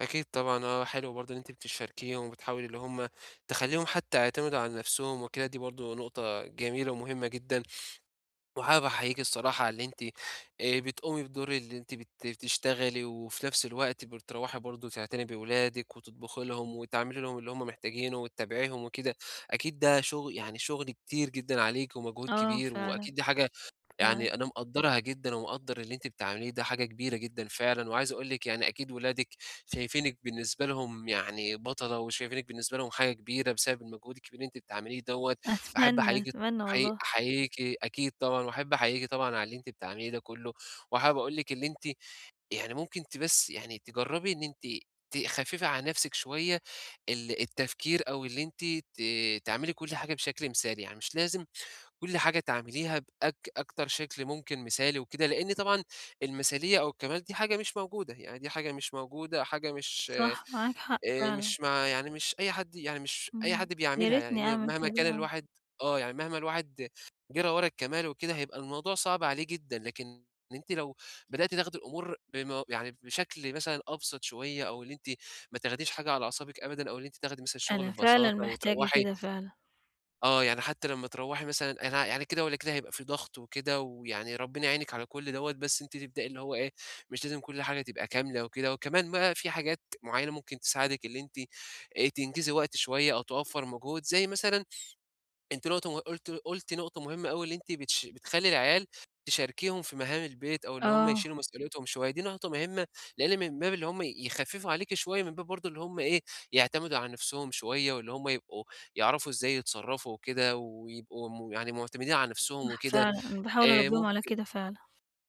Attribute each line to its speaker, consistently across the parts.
Speaker 1: أكيد طبعًا. آه، حلو برضه إن أنتِ بتشاركيهم وبتحاولي اللي هم تخلّيهم حتّى يعتمدوا على نفسهم وكده، دي برضه نقطة جميلة ومهمة جدًا وحابب أحييكِ الصراحة على إن أنتِ آآ، بتقومي بدور اللي أنتِ بت بتشتغلي وفي نفس الوقت بتروّحي برضه تعتني بأولادِك وتطبخي لهم وتعملي لهم اللي هم محتاجينه وتتابعيهم وكده، أكيد ده شُغ يعني شُغل كتير جدًا عليكِ ومجهود
Speaker 2: آه
Speaker 1: كبير
Speaker 2: فعلًا.
Speaker 1: وأكيد دي حاجة
Speaker 2: فعلًا.
Speaker 1: يعني أنا مقدّرها جدًا ومقدّر اللي أنتِ بتعمليه، ده حاجة كبيرة جدًا فعلًا وعايز أقول لِك يعني أكيد ولادِك شايفينِك بالنسبة لهم يعني بَطلة وشايفينِك بالنسبة لهم حاجة كبيرة بسبب المجهود الكبير اللي أنتِ بتعمليه دوّة. باحب
Speaker 2: أتمنى،
Speaker 1: أحييكِ
Speaker 2: أتمنى
Speaker 1: أحيي
Speaker 2: والله.
Speaker 1: أحييكِ أكيد طبعًا واحب أحييكِ طبعًا على اللي أنتِ بتعمليه ده كُلّه وحابب أقول لِك اللي أنتِ يعني ممكن ت بس يعني تجرّبي إن أنتِ تخفّفي عن نفسِك شوية ال التفكير أو اللي أنتِ ت تعملي كل حاجة بشكل مثالي، يعني مش لازم كل حاجة تعمليها بأك أكتر شكل ممكن مثالي وكده، لإن طبعًا المثالية أو الكَمال دي حاجة مش موجودة، يعني دي حاجة مش موجودة، حاجة مش آآ
Speaker 2: صح، معاك حق فعلًا.
Speaker 1: مش مع يعني مش أي حد يعني مش أي
Speaker 2: إمم.
Speaker 1: حد
Speaker 2: يا
Speaker 1: بيعملها،
Speaker 2: ريتني
Speaker 1: لإن
Speaker 2: أعمل
Speaker 1: مهما إن
Speaker 2: كده،
Speaker 1: كان
Speaker 2: آه.
Speaker 1: الواحد آه، يعني مهما الواحد جرى ورا الكَمال وكده، هيبقى الموضوع صعب عليه جدًا، لكن إن أنتِ لو بدأتِ تاخدي الأمور بم يعني بشكل مثلًا أبسط شوية أو اللي أنتِ ما تاخديش حاجة على أعصابِك أبدًا أو إن أنتِ تاخدي مثلًا الشُغل
Speaker 2: أنا فعلًا
Speaker 1: ببساطة
Speaker 2: محتاجة
Speaker 1: وتروّحي
Speaker 2: كده، فعلًا.
Speaker 1: آه. يعني حتّى لمّا تروّحي مثلًا أنا يعني كده والّا كده هيبقى فيه ضغط وكده ويعني ربِّنا يعينِك على كل دوّة، بس أنتِ تبدئي اللي هو إيه، مش لازم كل حاجة تبقى كاملة وكده. وكمان بقى في حاجات معيّنة ممكن تساعدِك اللي أنتِ آآ تنجزي وقت شوية أو توفَّر مجهود زي مثلًا أنتِ نقط م قُلتِ قُلتِ نقطة مهمة أوي اللي أنتِ بتش بتخلّي العيال تشاركيهم في مهام البيت أو اللي هم
Speaker 2: آه.
Speaker 1: يشيلوا مسؤوليتهم شوية، دي نقطة مهمة لإن من باب اللي هم يخفّفوا عليكِ شوية من باب برضه إن هم إيه، يعتمدوا على نفسهم شوية واللي هم يبقوا يعرفوا إزاي يتصرّفوا وكده ويبقوا م يعني معتمدين على نفسهم
Speaker 2: صح،
Speaker 1: وكده.
Speaker 2: فعلًا، أنا باحاول
Speaker 1: آآ،
Speaker 2: أربّيهم على
Speaker 1: ممكن
Speaker 2: كده فعلًا.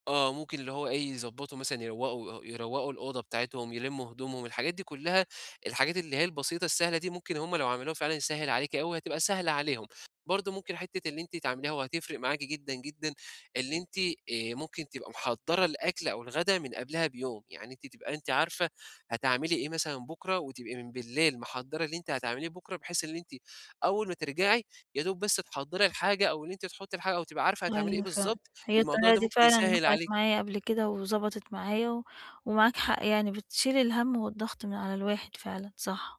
Speaker 1: آه، ممكن اللي هو إيه يضبّطوا مثلًا يروّقوا آآ يوروّقوا الأوضة بتاعتهم، يلمّوا هدومهم، الحاجات دي كُلّها، الحاجات اللي هي البسيطة السهلة دي، ممكن هم لو عملوها فعلًا يسهّل عليكِ أوي وهتبقى سهلة عليهم. برضه ممكن حتّة إن أنتِ تعمليها وهتفرق معاكِ جدًا، جدًا، اللي أنتِ آآ ممكن تبقي محضّرة الأكل أو الغدا من قبلها بيوم، يعني أنتِ تبقي أنتِ عارفة هتعملي إيه مثلًا بُكرة وتبقي من بالليل محضّرة اللي أنتِ هتعمليه بُكرة بحيث اللي أنتِ أول ما ترجعي يادوب بس تحضّري الحاجة أو اللي أنتِ تُحطّي الحاجة أو تبقي عارفة هتعملي إيه
Speaker 2: أيوه فعلًا.
Speaker 1: بالضبط،
Speaker 2: هي
Speaker 1: الموضوع
Speaker 2: الطريقة
Speaker 1: ده
Speaker 2: دي
Speaker 1: ممكن
Speaker 2: فعلًا
Speaker 1: يسهّل
Speaker 2: نفعِت
Speaker 1: عليِ
Speaker 2: معايا قبل كده، وضبطت معايا و ومعاك حق يعني بتشيل الهَم والضغط من على الواحد فعلًا، صح.